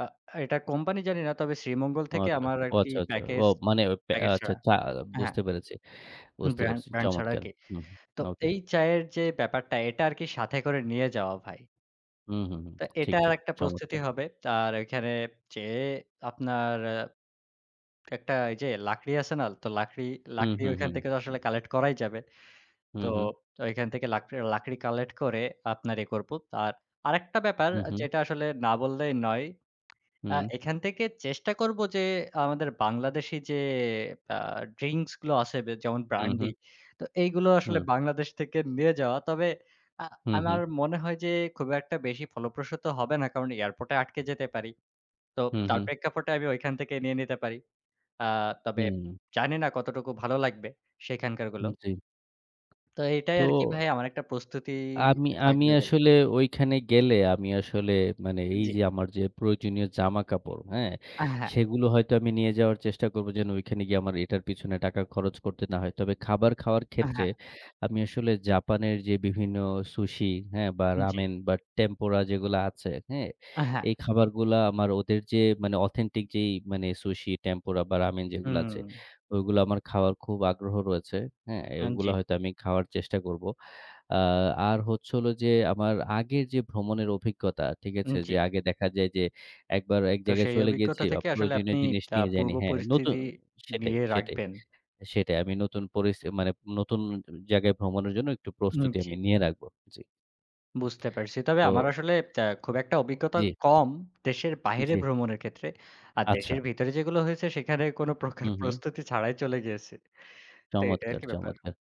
আ এটা কোম্পানি জানি না। তবে শ্রীমঙ্গল ও থেকে আচ্ছা। আমার আর ও কি আচ্ছা, আচ্ছা। ও প্যাকেজ, মানে অ প্যা প্যাকেজ আচ্ছা ছাড়া। চা হ্যাঁ। বুঝতে পেরেছি। হু বুঝতে ব্র্যান্ড পেরেছি। ব্র্যান্ড ছাড়া আর চমৎকার! কি। হু তো ওকে। এই চায়ের যে ব্যাপারটা এটা আরকি সাথে করে নিয়ে যাওয়া ভাই। হুম, হুম, হুম। তো ঠিক, এটার ঠিক। একটা প্রস্তুতি চমৎকার! হবে। তার ঐখানে যেয়ে আপনার অ্যা একটা ঐযে লাকড়ি আছে না? তো লাকড়ি, হু, লাকড়ি হু, হু, ওইখান থেকে তো হুম। আসলে কালেক্ট করাই যাবে। হু, তো হু। ওইখান থেকে লাকড়ে লাকড়ি কালেক্ট করে আপনার এ করব। আর আরেকটা ব্যাপার হু, হু। যেটা আসলে না বললেই নয়। আ হুম। এখান থেকে চেষ্টা করব যে আমাদের বাংলাদেশি যে আ ড্রিংকস গুলো আছে বে যেমন হু, ব্র্যান্ডি। হু। তো এইগুলো আসলে হুম। বাংলাদেশ থেকে নিয়ে যাওয়া। তবে আ হু, আমার হু। মনে হয় যে খুব একটা বেশি ফলপ্রসূত হবে না, কারণ এয়ারপোর্টে আটকে যেতে পারি। তো হু, তার হু। প্রেক্ষাপটে আমি ওইখান থেকে নিয়ে নিতে পারি। আ তবে হুম। জানি না কতটুকু ভালো লাগবে সেইখানকার গুলো। উম জ্বী। তো এটাই তো আরকি ভাই আমার একটা প্রস্তুতি আ আমি আমি থাকবে বলে আসলে ঐখানে গেলে আমি আসলে মানে এই জ্বী। যে আমার যে প্রয়োজনীয় জামাকাপড়, হ্যাঁ? আ হ্যাঁ। সেগুলো হয়তো আমি নিয়ে যাওয়ার চেষ্টা করব, যেন ঐখানে গিয়ে আমার এটার পেছনে টাকা খরচ করতে না হয়। তবে খাবার খাওয়ার আ ক্ষেত্রে হ্যাঁ। আমি আসলে জাপানের যে বিভিন্ন Sushi, হ্যাঁ? বা জ্বী। রামেন বা Tempura যেগুলা আছে, হ্যাঁ? আ হ্যাঁ। এই খাবারগুলা আমার ওদের যে মানে অথেন্টিক যেই মানে Sushi, Tempura বা Ramen যেগুলো আছে, হুম। ওইগুলা আমার খাওয়ার খুব আগ্রহ রয়েছে, হ্যাঁ? হুম এগুলা জ্বী। হয়তো আমি খাওয়ার চেষ্টা করব। আ আর হচ্ছে হল যে আমার আগের যে ভ্রমণের অভিজ্ঞতা, ঠিক উম আছে? জ্বী। যে আগে দেখা যায় যে একবার ১ তো জায়গায় সেই চলে গেছি অভিজ্ঞতা আ থেকে আসলে আপনি প্রয়োজনীয় জিনিস আ নিয়ে পূর্ব যাইনি। হ্যাঁ, নতু পরিস্থিতি সেটাই, নিয়ে সেটাই। রাখবেন। সেটাই আমি নতুন পরিস মানে নতুন জায়গায় ভ্রমণের জন্য একটু উন প্রস্তুতি জ্বী। আমি নিয়ে রাখবো। জ্বী। বুঝতে পারছি। তবে আমার তো ত্যা আসলে খুব একটা অভিজ্ঞতা জ্বী। কম, দেশের বাহিরে জ্বী। ভ্রমণের ক্ষেত্রে। আর আচ্ছা। দেশের ভিতরে যেগুলো হয়েছে সেখানে কোনো প্রকার হু, হু। প্রস্তুতি ছাড়াই চলে গিয়েছি। তো এটাই চমৎকার, আরকি ব্যাপার। চমৎকার!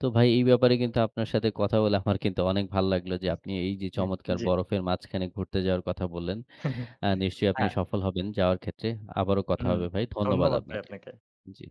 তো ভাই এই ব্যাপারে কিন্তু আপনার সাথে কথা বলে আমার কিন্তু অনেক ভাল লাগলো। যে আপনি এই যে হু চমৎকার জ্বী। বরফের মাঝখানে ঘুরতে যাওয়ার কথা বললেন। অ্যা নিশ্চয়ই আপনি হ্যাঁ। সফল হবেন যাওয়ার ক্ষেত্রে। আবারো কথা হুম, হবে ভাই। ধন্যবাদ ধন্যবাদ ভাই আপনাকে। আপনাকে। জ্বী।